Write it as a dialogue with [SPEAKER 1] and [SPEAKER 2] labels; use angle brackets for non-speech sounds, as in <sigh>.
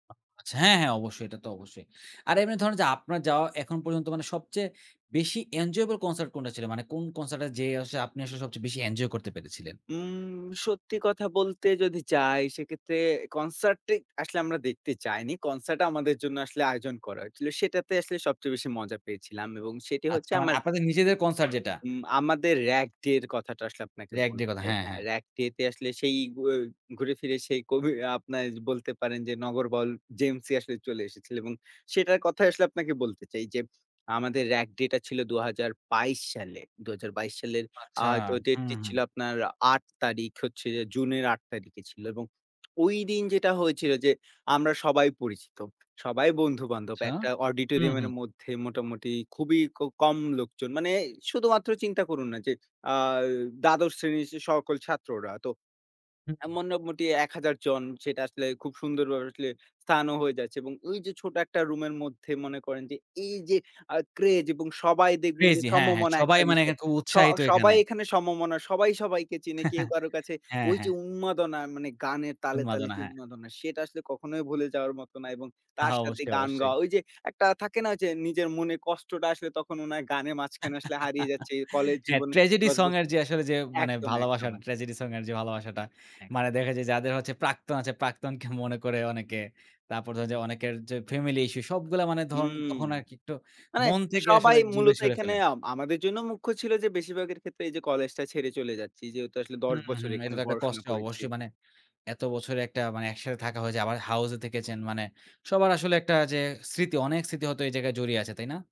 [SPEAKER 1] আচ্ছা, হ্যাঁ, হ্যাঁ, অবশ্যই এটা তো অবশ্যই। আর এমনি ধরেন যে, আপনার যাওয়া এখন পর্যন্ত মানে সবচেয়ে বেশি এনজয়েবল কনসার্ট কোনটা ছিল? মানে কোন কনসার্ট এ যে, আপনি আসলে সবচেয়ে বেশি এনজয় করতে পেরেছিলেন?
[SPEAKER 2] উম সত্যি কথা বলতে যদি চাই, সেক্ষেত্রে কনসার্টটা আসলে আমরা দেখতে চাইনি। কনসার্টটা আমাদের জন্য আসলে আয়োজন করা হয়েছিল। সেটাতে আসলে সবচেয়ে বেশি মজা পেয়েছিলাম। এবং সেটি
[SPEAKER 1] আচ্ছা,
[SPEAKER 2] হচ্ছে
[SPEAKER 1] মানে
[SPEAKER 2] আমার
[SPEAKER 1] আপনাদের নিজেদের কনসার্ট যেটা?
[SPEAKER 2] উম আমাদের র‍্যাগ ডে এর কথাটা আসলে আপনাকে
[SPEAKER 1] র‍্যাগ ডের
[SPEAKER 2] বলতে
[SPEAKER 1] কথা,
[SPEAKER 2] চাই।
[SPEAKER 1] হ্যাঁ,
[SPEAKER 2] হ্যাঁ,
[SPEAKER 1] হ্যাঁ।
[SPEAKER 2] র‍্যাগ ডে তে আসলে সেই উ ঘুরে ফিরে সেই কবি আপনারা বলতে পারেন যে, নগর বাউল জেমসই আসলে চলে এসেছিল। এবং সেটার কথায় আসলে আপনাকে বলতে চাই যে, আমাদের রাগ ডেটা ছিল ২০২২ সালে। ২০২২ সালের আ
[SPEAKER 1] আচ্ছা
[SPEAKER 2] হয়তো
[SPEAKER 1] হু,
[SPEAKER 2] ডেট টি ছিল
[SPEAKER 1] হুম।
[SPEAKER 2] আপনার ৮ তারিখ হচ্ছে জুনের ৮ তারিখে ছিল এবং ওই দিন যেটা হয়েছিল যে, আমরা সবাই পরিচিত। সবাই বন্ধু-বান্ধব
[SPEAKER 1] আচ্ছা,
[SPEAKER 2] একটা
[SPEAKER 1] হুম,
[SPEAKER 2] অডিটোরিয়ামের
[SPEAKER 1] হুম।
[SPEAKER 2] মধ্যে মোটামুটি খুবই ক কম লোকজন মানে শুধুমাত্র চিন্তা করুন না যে, আ ১২তম শ্রেণীর সকল ছাত্ররা তো
[SPEAKER 1] হুম,
[SPEAKER 2] এ
[SPEAKER 1] হুম।
[SPEAKER 2] মোটামুটি ১000 জন সেটা আসলে খুব সুন্দরভাবে আসলে স্থানও হয়ে যাচ্ছে, এবং ওই যে, ছোট একটা রুমের মধ্যে মনে করেন যে, এই যে, আ ক্রেজ এবং সবাই দেখবেন যে,
[SPEAKER 1] ক্রেজি হ্যাঁ, হ্যাঁ,
[SPEAKER 2] সমমনা
[SPEAKER 1] সবাই
[SPEAKER 2] একটা
[SPEAKER 1] মানে
[SPEAKER 2] বিষয়।
[SPEAKER 1] খুব
[SPEAKER 2] শ
[SPEAKER 1] উৎসাহিত
[SPEAKER 2] সবাই
[SPEAKER 1] এখানে।
[SPEAKER 2] এখানে সমমনা সবাই, সবাইকে চিনে কেউ
[SPEAKER 1] <chuckles>
[SPEAKER 2] কারো কাছে
[SPEAKER 1] হ্যাঁ,
[SPEAKER 2] ওই যে,
[SPEAKER 1] হ্যাঁ।
[SPEAKER 2] উন্মাদনা মানে গানের তালে, তালে
[SPEAKER 1] উন্মাদনা
[SPEAKER 2] যে,
[SPEAKER 1] হ্যাঁ।
[SPEAKER 2] উন্মাদনা। সেটা আসলে কখনোই ভুলে যাওয়ার মতো না এবং তার
[SPEAKER 1] হ্যাঁ,
[SPEAKER 2] সাথে
[SPEAKER 1] অবশ্যই,
[SPEAKER 2] গান
[SPEAKER 1] অবশ্যই।
[SPEAKER 2] গাওয়া। ঐ যে, একটা থাকে না? যে, নিজের মনে কষ্টটা আসলে তখন মনে হয় গানের মাঝখানে আসলে হারিয়ে
[SPEAKER 1] <chuckles>
[SPEAKER 2] যাচ্ছে কলেজ
[SPEAKER 1] হ্যাঁ,
[SPEAKER 2] জীবনে
[SPEAKER 1] ট্র্যাজেডি
[SPEAKER 2] ১০
[SPEAKER 1] সং এর
[SPEAKER 2] বছর
[SPEAKER 1] যে, আসলে যে, মানে
[SPEAKER 2] একদম,
[SPEAKER 1] ভালোবাসা,
[SPEAKER 2] একদম, একদম।
[SPEAKER 1] ট্র্যাজেডি এর যে, ভালোবাসাটা মানে
[SPEAKER 2] একদম।
[SPEAKER 1] দেখা যায় যাদের হচ্ছে প্রাক্তন আছে, প্রাক্তনকে মনে করে অনেকে। তারপর ধরেন যে, অনেকের যে, ফ্যামিলি ইস্যু সবগুলা মানে ধরুন
[SPEAKER 2] হুম,
[SPEAKER 1] তখন আরকি একটু
[SPEAKER 2] মানে
[SPEAKER 1] মন থেকে আসলে
[SPEAKER 2] সবাই
[SPEAKER 1] দূরে
[SPEAKER 2] মূলত
[SPEAKER 1] সরে
[SPEAKER 2] এখানে
[SPEAKER 1] ফেলে।
[SPEAKER 2] আম আমাদের জন্য মুখ্য ছিল যে, বেশিরভাগের ক্ষেত্রে এই যে, কলেজটা ছেড়ে চলে যাচ্ছি। যেহেতু আসলে ১০
[SPEAKER 1] হুম,
[SPEAKER 2] বছর
[SPEAKER 1] হুম, এটা
[SPEAKER 2] এখানে
[SPEAKER 1] তো একটা
[SPEAKER 2] পড়াশোনা
[SPEAKER 1] কষ্ট
[SPEAKER 2] করেছি।
[SPEAKER 1] অবশ্যই মানে এত বছরে একটা মানে একসাথে থাকা হয়েছে আবার হাউস এ থেকেছেন। মানে সবার আসলে একটা যে, স্মৃতি অনেক স্মৃতি হয়তো এই জায়গায় জড়িয়ে আছে। তাই না?